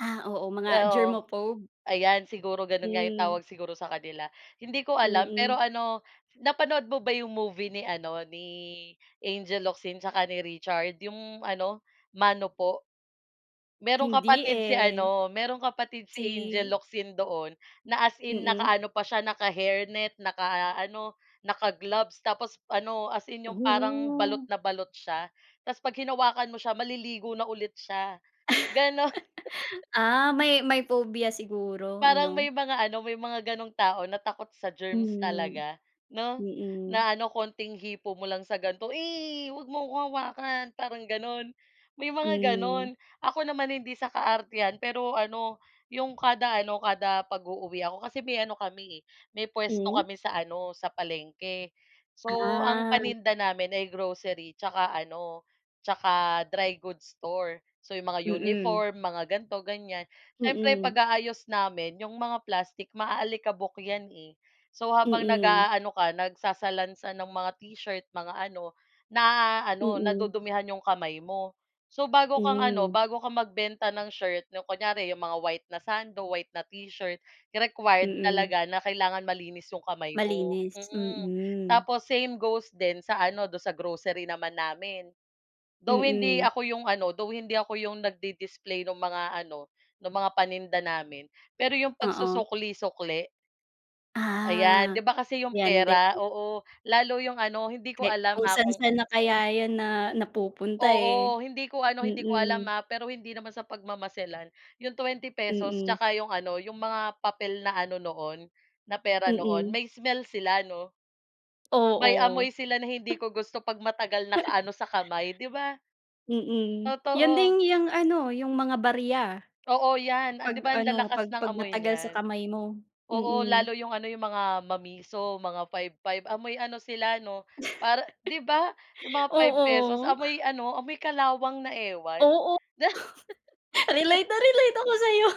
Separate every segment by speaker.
Speaker 1: Ah, oo, mga
Speaker 2: Oo,
Speaker 1: germophobe.
Speaker 2: ayan. Siguro gano'n nga yung
Speaker 1: Mm.
Speaker 2: tawag siguro sa kanila. Hindi ko alam pero
Speaker 1: Mm.
Speaker 2: ano, napanood mo ba yung movie ni ano, ni Angel Locsin saka ni Richard, yung ano, Mano Po. Merong
Speaker 1: Hindi
Speaker 2: kapatid si
Speaker 1: eh.
Speaker 2: ano, merong kapatid si Angel
Speaker 1: Si
Speaker 2: Locsin doon na as in
Speaker 1: Mm.
Speaker 2: nakaano pa siya, naka-hairnet, nakaano, naka-gloves tapos ano, as in yung parang balot
Speaker 1: Hmm.
Speaker 2: na balot siya tapos 'pag hinawakan mo siya maliligo na ulit siya, gano'n.
Speaker 1: Ah, may may phobia siguro
Speaker 2: Parang
Speaker 1: ano.
Speaker 2: may mga ano, may mga ganung tao na takot sa germs
Speaker 1: Hmm,
Speaker 2: talaga, 'no,
Speaker 1: mm.
Speaker 2: na ano, konting hipo mo lang sa ganito, "Eh, 'wag mo akong hawakan," parang gano'n, may mga
Speaker 1: Hmm.
Speaker 2: gano'n. Ako naman, hindi sa kaartehan pero ano, yung kada ano, kada pag-uuwi ako kasi may ano kami eh, may puwesto
Speaker 1: Hmm.
Speaker 2: kami sa ano, sa palengke. So, ang
Speaker 1: Ah.
Speaker 2: paninda namin ay grocery tsaka ano, tsaka dry goods store. So, yung mga
Speaker 1: Mm.
Speaker 2: uniform, mga ganito, ganiyan. Siyempre,
Speaker 1: Mm.
Speaker 2: pag-aayos namin yung mga plastic maaalikabok 'yan eh. So, habang
Speaker 1: Mm.
Speaker 2: nag-aano ka, nagsasalansan ng mga t-shirt, mga ano, naaano,
Speaker 1: Mm.
Speaker 2: nadudumihan yung kamay mo. So, bago kang ano,
Speaker 1: Hmm.
Speaker 2: bago ka magbenta ng shirt yung kunyari yung mga white na sando, white na t-shirt, required
Speaker 1: Mm.
Speaker 2: talaga na kailangan malinis yung kamay mo.
Speaker 1: Malinis,
Speaker 2: Mm.
Speaker 1: mm.
Speaker 2: Tapos same goes din sa ano, do'n sa grocery naman namin. Though hindi
Speaker 1: Mm.
Speaker 2: ako yung ano, though hindi ako yung nagdi-display ng mga ano, ng mga paninda namin, pero yung
Speaker 1: Oo.
Speaker 2: pagsusukli-sukli? Ayan, di
Speaker 1: Ah,
Speaker 2: ba kasi yung
Speaker 1: yan din.
Speaker 2: pera, oo, lalo yung ano, hindi ko
Speaker 1: Ke
Speaker 2: alam
Speaker 1: kung
Speaker 2: ah, kung
Speaker 1: san-san na kaya yan na napupunta eh,
Speaker 2: Oo, hindi ko ano, hindi ko alam
Speaker 1: mm.
Speaker 2: ha, pero hindi naman sa pagmamamaselan. Yung ₱20
Speaker 1: Mm.
Speaker 2: tsaka yung ano, yung mga papel na ano noon, na pera noon,
Speaker 1: Mm.
Speaker 2: may smell sila, 'no? May
Speaker 1: Oo.
Speaker 2: amoy sila na hindi ko gusto 'pag matagal nakaano sa kamay, di ba?
Speaker 1: Mm, yan
Speaker 2: Totoo.
Speaker 1: din yang ano, yung mga barya.
Speaker 2: Oo, yan, 'di
Speaker 1: 'Pag
Speaker 2: ba, ang
Speaker 1: ano,
Speaker 2: lalakas
Speaker 1: 'pag
Speaker 2: ng
Speaker 1: 'pag
Speaker 2: amoy
Speaker 1: matagal sa
Speaker 2: niyan.
Speaker 1: kamay mo,
Speaker 2: Oo,
Speaker 1: mm.
Speaker 2: lalo yung ano, yung mga mamiso, mga 5-5, amoy ano sila 'no? Para 'di ba? Yung mga ₱5
Speaker 1: Oo.
Speaker 2: amoy ano, amoy kalawang na ewan.
Speaker 1: Oo. Relate na relate ako sa'yo.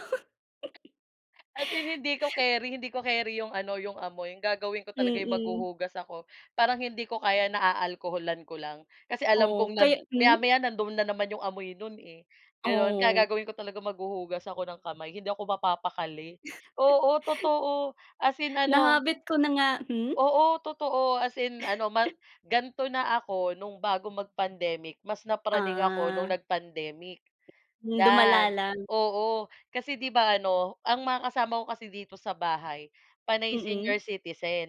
Speaker 2: As in hindi ko keri, hindi ko keri yung ano, yung amoy. Gagawin ko talaga yung
Speaker 1: Mm.
Speaker 2: maghuhugas ako. Parang hindi ko kaya na aalkoholan ko lang kasi alam
Speaker 1: Oo,
Speaker 2: kong
Speaker 1: kaya
Speaker 2: nad
Speaker 1: hmm.
Speaker 2: maya-maya nandoon na naman yung amoy no'n eh, gano'n. Kaya
Speaker 1: Oo.
Speaker 2: gagawin ko talaga maghuhugas ako ng kamay, hindi ako mapapakali, oo, totoo, as in
Speaker 1: Na
Speaker 2: ano.
Speaker 1: habit ko na nga, hmm.
Speaker 2: Oo, totoo as in ano, ma ganito na ako no'ng bago mag-pandemic, mas napraning ako no'ng
Speaker 1: Ah.
Speaker 2: nag-pandemic.
Speaker 1: Lumala
Speaker 2: Yan,
Speaker 1: lang.
Speaker 2: oo, kasi 'di ba ano, ang mga kasama ko kasi dito sa bahay panay senior
Speaker 1: Mm.
Speaker 2: citizen.